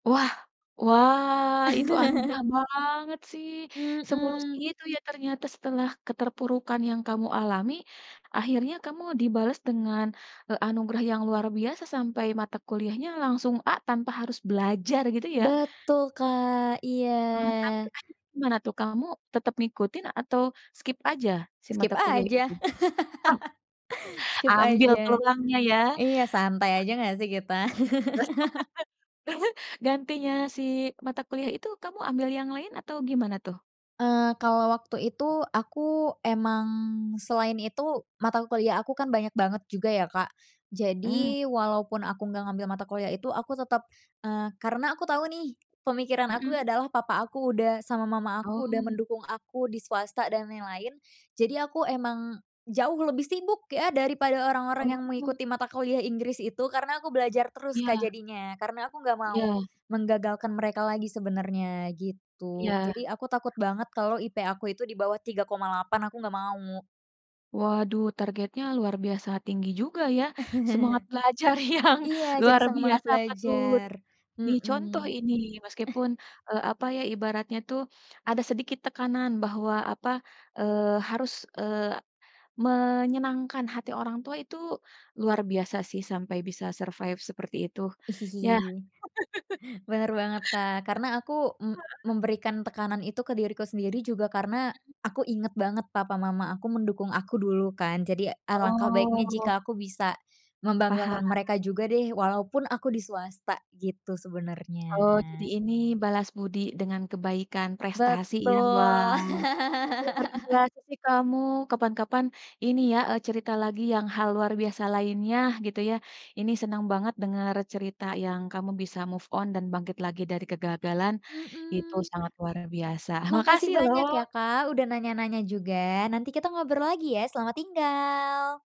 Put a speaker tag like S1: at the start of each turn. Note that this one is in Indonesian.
S1: Wah wah, itu anugerah banget sih. Semulus
S2: Mmm.
S1: itu ya ternyata setelah keterpurukan yang kamu alami, akhirnya kamu dibales dengan, eee, anugerah yang luar biasa sampai mata kuliahnya langsung A tanpa harus belajar gitu ya.
S2: Betul, Kak. Iya.
S1: Eee, tapi akhirnya gimana tuh, kamu tetap ngikutin atau skip aja si
S2: Skip
S1: mata kuliah
S2: aja
S1: itu? Oh.
S2: Skip
S1: Ambil
S2: aja.
S1: tulangnya ya.
S2: Iya santai aja gak sih kita.
S1: Gantinya si mata kuliah itu kamu ambil yang lain atau gimana tuh?
S2: Eee, kalau waktu itu aku emang selain itu mata kuliah aku kan banyak banget juga ya, Kak.
S1: Mmm.
S2: Jadi walaupun aku nggak ngambil mata kuliah itu aku tetep eee, karena aku tau nih pemikiran aku
S1: Hmm.
S2: adalah papa aku udah sama mama aku udah
S1: Oh.
S2: mendukung aku di swasta dan yang lain. Jadi aku emang jauh lebih sibuk ya dari pada orang-orang yang
S1: Oh.
S2: mengikuti mata kuliah Inggris itu, karena aku belajar terus, Kak,
S1: Iya.
S2: jadinya. Karena aku nggak mau,
S1: Iya.
S2: menggagalkan mereka lagi sebenarnya gitu.
S1: Iya.
S2: Jadi aku takut banget kalau IP aku itu dibawah 3,8 aku nggak mau.
S1: Waduh, targetnya luar biasa tinggi juga ya semangat belajar yang
S2: Iya jadi
S1: luar
S2: semangat
S1: biasa patut,
S2: belajar.
S1: dicontoh
S2: Mhm.
S1: ini meskipun, eee, apa ya ibaratnya tuh, ada sedikit tekanan bahwa apa, eee, harus, eee, menyenangkan hati orang tua itu, luar biasa sih sampai bisa survive seperti itu, ya.
S2: Bener banget, Kak, karena aku m
S1: Heeh.
S2: memberikan tekanan itu ke diriku sendiri juga karena,
S1: Hmm.
S2: aku inget banget papa mama aku mendukung aku dulu kan, jadi alangkah baiknya
S1: Oh.
S2: jika aku bisa
S1: Paham.
S2: membanggakan mereka juga deh walaupun aku di swasta gitu
S1: Oh, jadi
S2: sebenernya.
S1: ini balas budi dengan kebaikan prestasi ya,
S2: Betul.
S1: wow. Luar biasa sih kamu, kapan-kapan, ini ya, eee, cerita lagi yang hal luar biasa lainnya gitu ya. Ini senang banget denger cerita yang kamu bisa move on dan bangkit lagi dari kegagalan, itu
S2: Mmm.
S1: sangat luar biasa.
S2: Makasih
S1: Makasih
S2: banyak ya,
S1: loh.
S2: Kak, udah nanya-nanya juga. Nanti kita ngobrol lagi ya, selamat tinggal.